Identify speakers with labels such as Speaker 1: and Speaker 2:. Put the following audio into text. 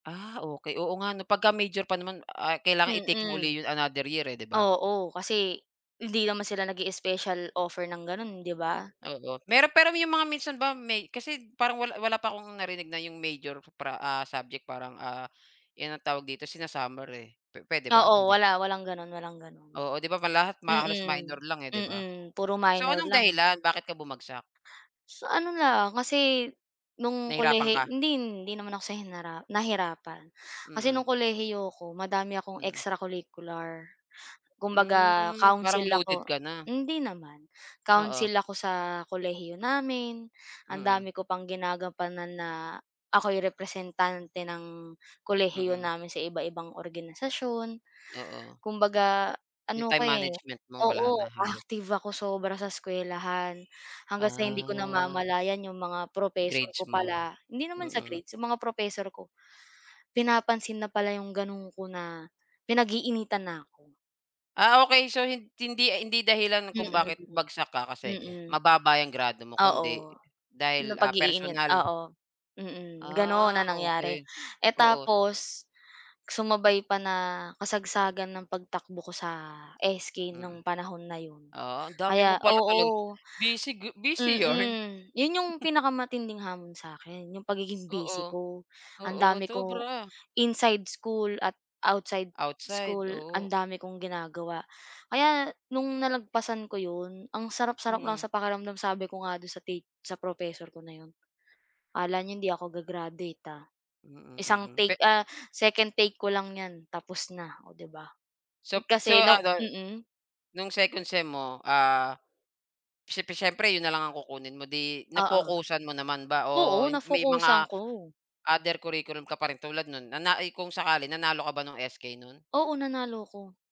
Speaker 1: Ah, okey. Oo nga 'no pagka major pa naman, ah, kailangan i-take mo
Speaker 2: Mm.
Speaker 1: uli yung another year, eh, 'di ba?
Speaker 2: Oo, kasi hindi naman sila nag-i-especial offer ng gano'n, 'di ba?
Speaker 1: Oo. Meron, pero 'yong mga minsan ba may kasi parang wala wala pa kong narinig na 'yong major pra ah, subject parang, ah, 'yan ang tawag dito sina-summer, eh. Pe puwede
Speaker 2: Oo,
Speaker 1: ba? Hindi.
Speaker 2: wala, walang ganun, walang ganun.
Speaker 1: Oo. 'Di ba ma lahat halos minor
Speaker 2: Mm.
Speaker 1: lang, eh, 'di ba?
Speaker 2: Mm, puro
Speaker 1: So,
Speaker 2: minor
Speaker 1: anong
Speaker 2: lang.
Speaker 1: dahilan bakit ka bumagsak?
Speaker 2: Sa ano lang, kasi nung
Speaker 1: Nahirapan
Speaker 2: kolehi
Speaker 1: ka?
Speaker 2: hindi, hindi naman ako sa hinara nahirapan. Kasi
Speaker 1: Mm.
Speaker 2: no'ng kolehiyo ko madami akong
Speaker 1: Mm.
Speaker 2: extracurricular. Kumbaga
Speaker 1: Mm, parang
Speaker 2: council ako
Speaker 1: loaded ka na.
Speaker 2: hindi naman.
Speaker 1: Oo.
Speaker 2: Council ako sa kolehiyo namin, ang
Speaker 1: Mm.
Speaker 2: dami ko pang ginagampanan na ako'y representante ng kolehiyo
Speaker 1: Mm.
Speaker 2: namin sa iba-ibang organisasyon.
Speaker 1: Oo.
Speaker 2: Kumbaga
Speaker 1: Yung
Speaker 2: ano ako,
Speaker 1: time
Speaker 2: eh
Speaker 1: management mo
Speaker 2: oo,
Speaker 1: wala na halos.
Speaker 2: active ako sobra sa eskuwelahan. Hanggang sa hindi ko
Speaker 1: Ah.
Speaker 2: namamalayan yung mga propesor
Speaker 1: Grades
Speaker 2: ko
Speaker 1: mo.
Speaker 2: pala hindi naman sa
Speaker 1: Mm.
Speaker 2: grades. Yung mga propesor ko pinapansin na pala yung gano'n ko na pinag-iinitan na ako.
Speaker 1: Ah, okey. So hindi hindi dahilan
Speaker 2: Mm,
Speaker 1: kung bakit
Speaker 2: mm.
Speaker 1: bagsak ka kasi
Speaker 2: Mm.
Speaker 1: mababa yung grado mo kundi
Speaker 2: Oo.
Speaker 1: dahil, ah,
Speaker 2: Napag-iinit
Speaker 1: personal.
Speaker 2: oo. Mm, gano'n
Speaker 1: Ah,
Speaker 2: ang nangyari.
Speaker 1: okey.
Speaker 2: Eh,
Speaker 1: Oo.
Speaker 2: tapos sumabay pa na kasagsagan ng pagtakbo ko sa SK
Speaker 1: Mm.
Speaker 2: nung panahon na 'yon
Speaker 1: Ah, ang dami
Speaker 2: kaya
Speaker 1: mo pala talaga
Speaker 2: oo.
Speaker 1: busy g busy yarn?
Speaker 2: Mm. 'Yon 'yong pinakamatinding hamon sa'kin, 'yong pagiging busy
Speaker 1: Oo.
Speaker 2: ko. Ang
Speaker 1: Oo,
Speaker 2: dami ko
Speaker 1: sobra.
Speaker 2: inside school at outside
Speaker 1: Outside,
Speaker 2: school ang
Speaker 1: oo.
Speaker 2: dami kong ginagawa. Kaya no'ng nalagpasan ko 'yon, ang sarap-sarap lang
Speaker 1: Mm.
Speaker 2: sa pakiramdam. Sabi ko nga do'n sa ti sa professor ko na 'yon, "Akala niyo hindi ako ga-graduate, ah."
Speaker 1: Mm,
Speaker 2: Isang
Speaker 1: mm
Speaker 2: take
Speaker 1: pe
Speaker 2: ah, second take ko lang 'yan tapos na, oh 'di ba?
Speaker 1: Sop so,
Speaker 2: Kasi 'no
Speaker 1: ano,
Speaker 2: mm.
Speaker 1: nung second sem mo, ah, siyep siyempre 'yon na lang ang kukunin mo, 'di
Speaker 2: Oo.
Speaker 1: na-focusan mo naman ba
Speaker 2: Oo,
Speaker 1: o may mga
Speaker 2: na-focusan ko.
Speaker 1: other curriculum ka pa rin tulad no'n, na na kung sakali nanalo ka ba nung SK no'n?
Speaker 2: Oo, nanalo ako.